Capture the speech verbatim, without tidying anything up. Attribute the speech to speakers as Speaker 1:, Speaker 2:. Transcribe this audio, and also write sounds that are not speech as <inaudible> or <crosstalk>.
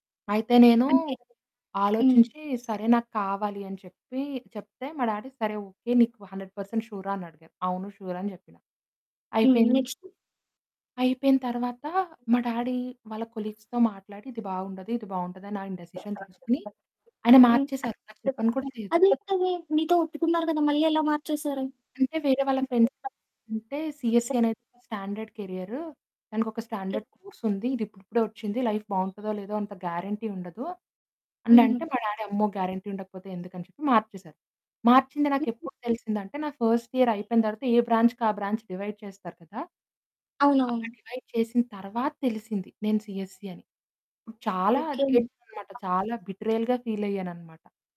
Speaker 1: అయితే నేనూ
Speaker 2: అంటే హ్మ్.
Speaker 1: ఆలోచించి, సరే నాకు కావాలి అని చెప్పి చెప్తే, మా డాడీ సరే ఓకె నీకు హండ్రెడ్ పర్సెంట్ ష్యూ‌ర? అని అడిగారు. అవును ష్యూర్ అని చెప్పినా.
Speaker 2: హ్మ్.
Speaker 1: అయిపోయింది.
Speaker 2: నెక్స్ట్?
Speaker 1: అయిపోయిన తరువాత మా డాడీ వాళ్ళ కొలీగ్స్‌తో మాట్లాడి ఇది బాగుండదు ఇది బాగుంటది అని ఆయన డిసిషన్ తీసుకొని ఆయన
Speaker 2: <unintelligible>
Speaker 1: మార్చేసారు! నాకు చెప్పను కూడా లేదు!
Speaker 2: అది ఎట్లా అది మీతో ఒప్పుకున్నారు కదా! మళ్ళి ఎలా మార్చేసారు?
Speaker 1: అంటే వేరే వాళ్ళ ఫ్రెండ్స్
Speaker 2: <unintelligible>
Speaker 1: అంటే సీఎస్‌సీ అనేది స్టాండర్డ్ కేరియరూ. దానికి ఒక స్టాండర్డ్ కోర్స్ ఉంది. ఇది ఇప్పుడిప్పుడే వచ్చింది లైఫ్ బాగుంటుందో లేదో! అంత గ్యారంటీ ఉండదు. అని
Speaker 2: హుహు.
Speaker 1: అంటే మా డాడీ అమ్మో! గ్యారంటీ ఉండకపోతే ఎందుకని చెప్పి మార్చేసారు. మార్చింది
Speaker 2: <unintelligible>
Speaker 1: నాకెప్పుడు తెలిసిందంటే నాకు ఫస్ట్ ఇయర్ అయిపోయిన తరువాత ఏ బ్రాంచ్‌కి ఆ బ్రాంచ్ డివైడ్ చేస్తారు కదా! అలా
Speaker 2: అవునవును.
Speaker 1: డివైడ్ చేసిన తరువాత తెలిసింది. నేను సీఎస్‌సీ అని. చాలా
Speaker 2: ఓకె.
Speaker 1: ఏడ్చాను. చాలా బిట్రేయల్‌గా ఫీల్ అయ్యానన్నమాట.